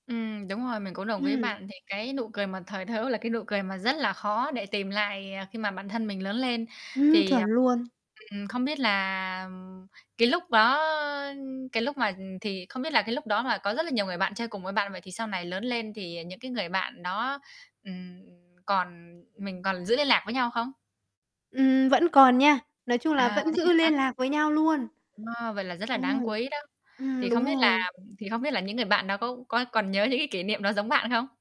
Ừm, đúng rồi, mình cũng đồng ý Ừm. bạn, thì cái nụ cười mà thời thơ ấu là cái nụ cười mà rất là khó để tìm lại, à, khi mà bản thân mình lớn lên. Ừm, Thì, ờ, chuẩn luôn. ừm, không biết là cái lúc đó cái lúc mà, ừm, thì không biết là cái lúc đó mà có rất là nhiều người bạn chơi cùng với bạn, vậy thì sau này lớn lên thì những cái người bạn đó, ừm, còn mình còn giữ liên lạc với nhau không? Ừm, vẫn còn nha, nói chung là À, vẫn thế giữ hả? liên lạc với nhau luôn. Wow, vậy là rất là Ừm, đáng quý đó. Thì ừm, đúng không biết là rồi. thì không biết là những người bạn đó có có còn nhớ những cái kỷ niệm đó giống bạn không?